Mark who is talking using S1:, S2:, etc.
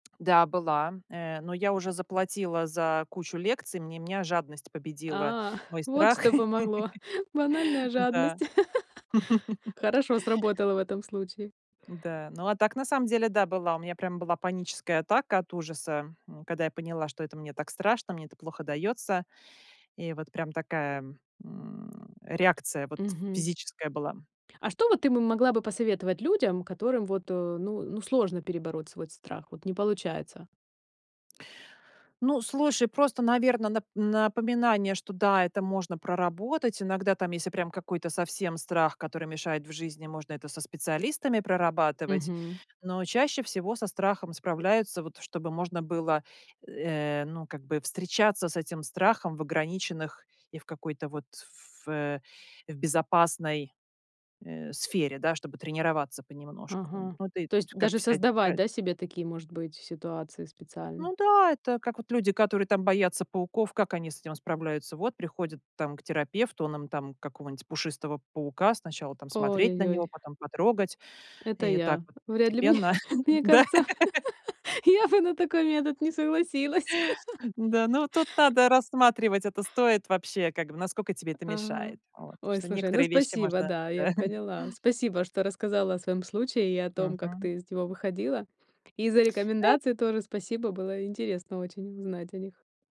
S1: Да, была. Э, но я уже заплатила за кучу лекций. Мне меня жадность победила
S2: А,
S1: мой
S2: вот
S1: страх.
S2: что помогло. Банальная
S1: Да.
S2: жадность. Хорошо сработала в этом случае.
S1: Да. Но, а так, на самом деле, да, была. У меня прям была паническая атака от ужаса, м когда я поняла, что это мне так страшно, мне это плохо даётся. И вот прям такая, м, реакция вот
S2: Мгм.
S1: физическая была.
S2: А что вот ты бы могла бы посоветовать людям, которым вот, э, ну ну, сложно перебороть свой страх вот, не получается?
S1: Ну, слушай, просто, наверно, нап напоминание, что да, это можно проработать. Иногда там, если прям какой-то совсем страх, который мешает в жизни, можно это со специалистами прорабатывать.
S2: Мгм.
S1: Но чаще всего со страхом справляются вот, чтобы можно было, э, ну, как бы встречаться с этим страхом в ограниченных и в какой-то вот ф э, в безопасной, э, сфере, да, чтобы тренироваться понемножку.
S2: Ага.
S1: Ну, ты
S2: То есть
S1: т как
S2: даже
S1: вся
S2: создавать,
S1: тред
S2: да, себе такие, может быть, ситуации специально?
S1: Ну да, это как вот люди, которые там боятся пауков, как они с этим справляются. Вот приходят там к терапевту, он им там какого-нибудь пушистого паука, сначала там смотреть на
S2: Ой-ой-ой.
S1: него, потом потрогать,
S2: Это
S1: и так
S2: я.
S1: вот
S2: Вряд ли мне
S1: постепенно.
S2: мне
S1: Да.
S2: кажется, я бы на такой метод не
S1: Э,
S2: согласилась.
S1: да, ну, тут надо рассматривать, это стоит вообще, как бы, наскока тебе это
S2: Ага.
S1: мешает. Вот, потому
S2: Ой,
S1: что
S2: слушай, ну,
S1: некоторые вещи
S2: спасибо,
S1: можно
S2: да, я
S1: Да.
S2: поняла. Спасибо, что рассказала о своём случае и о том, как
S1: Мгм.
S2: ты из него выходила. И за
S1: Да.
S2: рекомендации тоже спасибо. Было интересно очень узнать о них.